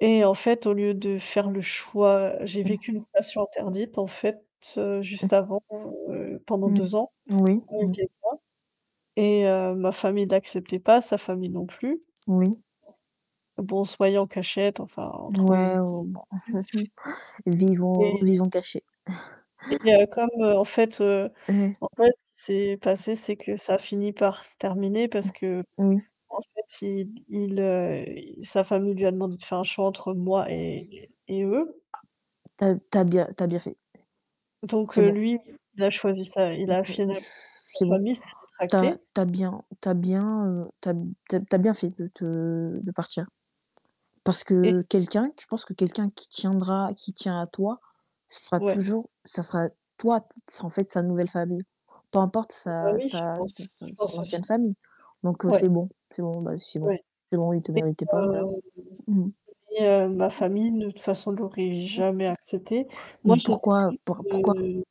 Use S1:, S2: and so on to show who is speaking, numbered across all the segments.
S1: Et en fait, au lieu de faire le choix, j'ai
S2: Mmh.
S1: vécu une passion interdite, en fait, heu, juste
S2: Mmh.
S1: avant, heu, pendant
S2: Mmh.
S1: 2 ans
S2: Oui,
S1: avec
S2: mmh.
S1: quelqu'un et heu, ma famille l'acceptait pas, sa famille non plus.
S2: Oui.
S1: Bon on se voyait en cachette, enfin on trouvait
S2: Ouais, oh
S1: des
S2: bon.
S1: excuses
S2: Vivons
S1: et
S2: vivons caché.
S1: et heu, comme, heu, en fait, heu
S2: Ouais.
S1: en fait ce qui s'est passé c'est que ça a finit par se terminer parce qu'en
S2: Oui.
S1: fait il il, heu, il sa famille lui a demandé de faire un choix entre moi et et eux.
S2: Tu as tu as bien tu as bien fait.
S1: Donc, heu,
S2: Timo.
S1: lui, il a choisi sa il
S2: Mmh, heu,
S1: a finalement
S2: ch
S1: sa
S2: c'est bon.
S1: famille s'est
S2: Tu as
S1: rétractée
S2: tu as bien tu as bien, heu, tu as b tu as tu as bien fait de te de partir. Parce que
S1: et
S2: quelqu'un qu je pense que quelqu'un qui tiendra qui tient à toi, ce sera
S1: Ouais.
S2: toujours ce sera toi t s en fait sa nouvelle famille. Peu importe
S1: Ah bah,
S2: sa
S1: oui, je
S2: sa sa
S1: pense
S2: sa
S1: je
S2: son
S1: pense
S2: ancienne
S1: aussi.
S2: famille donc heu, c'est
S1: Ouais.
S2: bon, c'est bon, bah c'est bon,
S1: Ouais
S2: c'est bon, il te
S1: et
S2: méritait pas, voilà.
S1: heu,
S2: Mmh mh.
S1: et heu, ma famille, de toute façon l'aurais jamais accepté. Moi
S2: Mmh,
S1: j'étais
S2: pourquoi, heu,
S1: triste,
S2: pour pourquoi?
S1: heu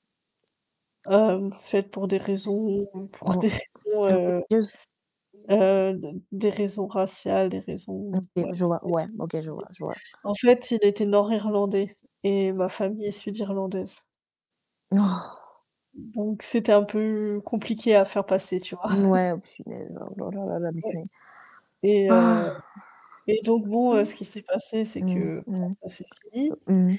S1: Hem, en fait pour des raisons, mmh, pour des
S2: Bon.
S1: raisons, heu,
S2: [unintelligible]
S1: heu, d des raisons raciales, des raisons
S2: OK,
S1: ouais.
S2: je vois, ouais, OK, je vois, je vois.
S1: [unintelligible] En fait, il était nord-irlandais et ma famille est sud-irlandaise
S2: Oh!
S1: donc c'était un peu compliqué à faire passer, tu vois?
S2: N ouais oh punaise, oh là, là, là, là, mais
S1: Ouais
S2: c'est
S1: et heu,
S2: ah!
S1: et donc bon, heu, ce qui s'est passé c'est
S2: Mmh.
S1: que, bah,
S2: Mmh
S1: ça s'est fini
S2: mh. Mmh.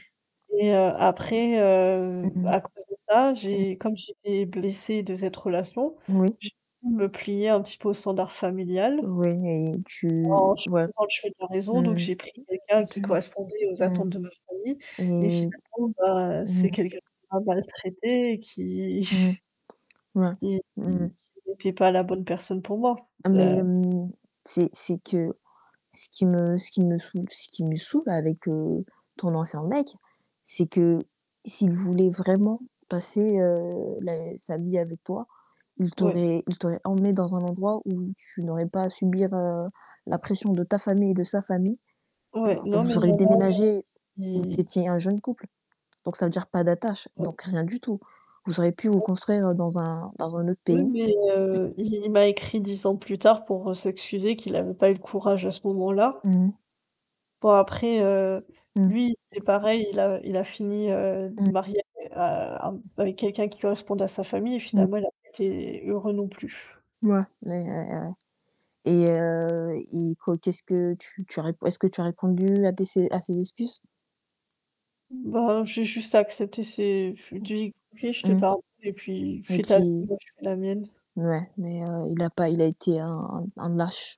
S1: et heu, après, heu,
S2: Mmh.
S1: à cause de ça
S2: Mmh.
S1: j'ai comme j'étais blessée de cette relation,
S2: Moui.
S1: j'ai dû me plier un petit peu au standard familial
S2: Oui et tu
S1: en ch
S2: ouais.
S1: faisant le choix de la
S2: Mmh
S1: raison donc
S2: mh.
S1: j'ai pris quelqu'un qui
S2: Tu
S1: correspondait aux
S2: mmh,
S1: attentes de ma famille et
S2: et
S1: finalement bah,
S2: mmh.
S1: c'est quelqu'un qui m'a maltraité et qui
S2: Mmh, ouais.
S1: qui
S2: Mmh
S1: qui
S2: mh.
S1: qui n'était pas la bonne personne pour moi. Heu
S2: Mais mmh, c'est c'est que ce qui me ce qui me saoule ce qui me saoule avec, heu, ton ancien mec, c'est que s'il voulait vraiment passer, heu, la sa vie avec toi, il
S1: Ouais.
S2: t'aurait il t'aurait emmenée dans un endroit où tu n'aurais pas à subir, heu, la pression de ta famille et de sa famille.
S1: Ouais,
S2: Genre
S1: non mais
S2: vous
S1: il y
S2: auriez
S1: en a même
S2: déménagé vous
S1: qui...
S2: étiez un jeune couple, donc ça veut dire pas d'attache,
S1: Ouais.
S2: donc rien du tout. Vous auriez pu vous
S1: Ouais.
S2: construire, heu, dans un dans un autre
S1: Oui,
S2: pays.
S1: mais heu, il il m'a écrit 10 ans plus tard pour, heu, s'excuser qu'il avait pas eu le courage à ce moment-là.
S2: Mmh.
S1: Bon après, heu,
S2: Mmh.
S1: lui c'est pareil, il a il a fini, heu,
S2: Mmh.
S1: marié, heu, a avec quelqu'un qui correspondait à sa famille et
S2: Mmh.
S1: finalement il a pas été heureux non plus.
S2: Mouais, ouais, ouais, ouais. Et heu, et quoi qu'est-ce que tu tu as rép est-ce que tu as répondu à tes ses à ses excuses?
S1: Ben, j'ai juste accepté ses je lui ai dit: «OK je te
S2: Mmh,
S1: pardonne et puis,
S2: et
S1: fais ta vie
S2: puis
S1: moi je fais la mienne».
S2: Mouais, mais heu, il a pas il a été un un lâche.